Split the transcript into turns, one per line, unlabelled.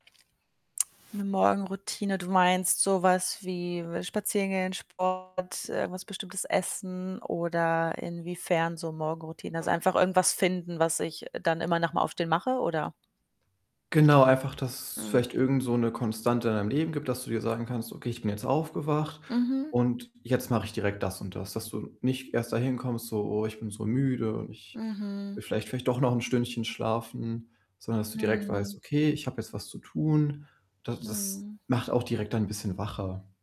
'Ne Morgenroutine. Du meinst so was wie spazieren gehen, Sport, irgendwas bestimmtes essen, oder inwiefern so Morgenroutine? Also, einfach irgendwas finden, was ich dann immer nach dem Aufstehen mache, oder?
Genau, einfach, dass
Mhm.
vielleicht irgend so 'ne Konstante in deinem Leben gibt, dass du dir sagen kannst: „Okay, ich bin jetzt aufgewacht
Mhm.
und jetzt mache ich direkt das und das.“ Dass du nicht erst dahin kommst, so: „Oh, ich bin so müde und ich
Mhm.
will vielleicht vielleicht doch noch 'n Stündchen schlafen“, sondern dass du direkt weißt:
Mhm.
„Okay, ich habe jetzt was zu tun.“ Da das
Mhm.
macht auch direkt dann 'n bisschen wacher.